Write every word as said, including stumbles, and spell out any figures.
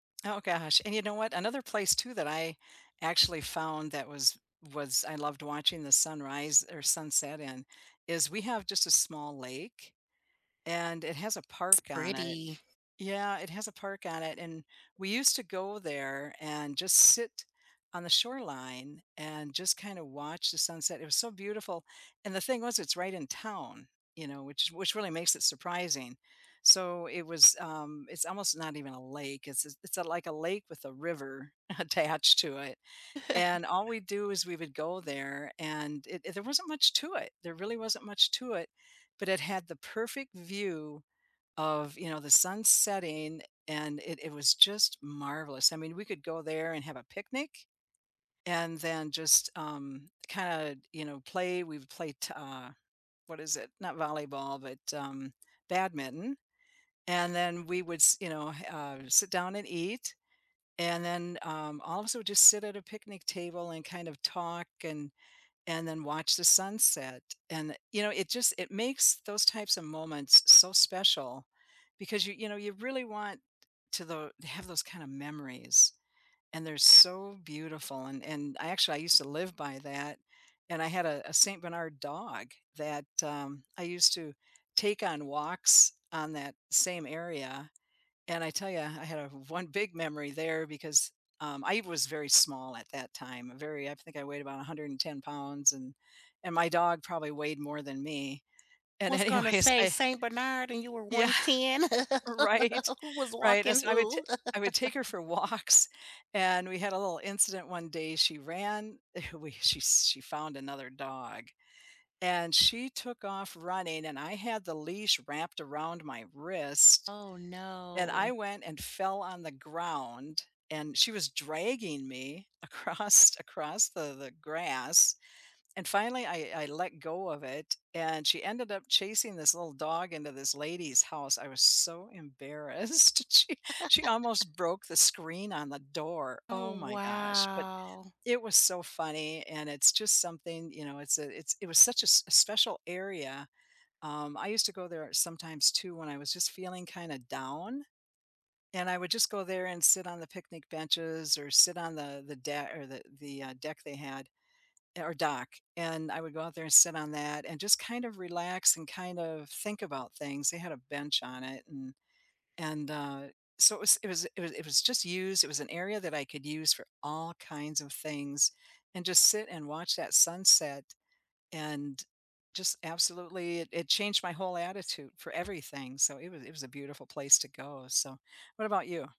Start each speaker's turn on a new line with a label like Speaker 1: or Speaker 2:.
Speaker 1: Oh gosh, and you know what, another place too that I actually found that was was I loved watching the sunrise or sunset in is we have just a small lake, and it has a
Speaker 2: It's
Speaker 1: park on it
Speaker 2: pretty.
Speaker 1: yeah, it has a park on it and we used to go there, and just sit on the shoreline, and just kind of watch the sunset. It was so beautiful, and the thing was it's right in town, you know, which which really makes it surprising, so it was, um it's almost not even a lake, it's it's like a lake with a river attached to it, and all we do is we would go there and it there wasn't much to it there really wasn't much to it, but it had the perfect view of, you know, the sun setting and it it was just marvelous. I mean, we could go there and have a picnic. And then just, um, kinda, you know, play we've played, uh, what is it? Not volleyball, but, um, badminton, and then we would, s you know, uh, sit down and eat, and then, um, also just sit at a picnic table and kind of talk and and then watch the sunset and, you know, it just, it makes those types of moments so special because you you know, you really want to the have those kind of memories. And they're so beautiful and and I actually, I used to live by that and I had a a Saint Bernard dog that, um, I used to take on walks on that same area, and I tell you, I I had a one big memory there because um, I was very small at that time, very I think I weighed about a hundred and ten pounds and and my dog probably weighed more than me, and
Speaker 2: Was gonna
Speaker 1: anyways,
Speaker 2: say
Speaker 1: I
Speaker 2: Saint Bernard and you were
Speaker 1: Yeah,
Speaker 2: one ten.
Speaker 1: right,
Speaker 2: Who was
Speaker 1: right, and,
Speaker 2: walking
Speaker 1: so, I would ta
Speaker 2: who?
Speaker 1: I would take her for walks, and we had a little incident one day, she ran we, she she found another dog, and she took off running and I had the leash wrapped around my wrist,
Speaker 2: Oh,
Speaker 1: and I
Speaker 2: no.
Speaker 1: went and fell on the ground, and she was dragging me across across the the grass, and finally I I let go of it, and she ended up chasing this little dog into this lady's house, I was so embarrassed, she she almost broke the screen on the door.
Speaker 2: Oh,
Speaker 1: Oh my gosh, but
Speaker 2: wow.
Speaker 1: it was so funny, and it's just something, you know it's a it's it was such a s special area, um, I used to go there sometimes too when I was just feeling kinda down, and I would just go there and sit on the picnic benches or sit on the the deck or the the, uh, deck they had or dock, and I would go out there and sit on that and just kind of relax, and kind of think about things. They had a bench on it and, and, uh, so, it was it was it was it was just used, it was an area that I could use for all kinds of things, and just sit and watch that sunset and, just absolutely, it it changed my whole attitude for everything, so, it was it was a beautiful place to go. So, what about you?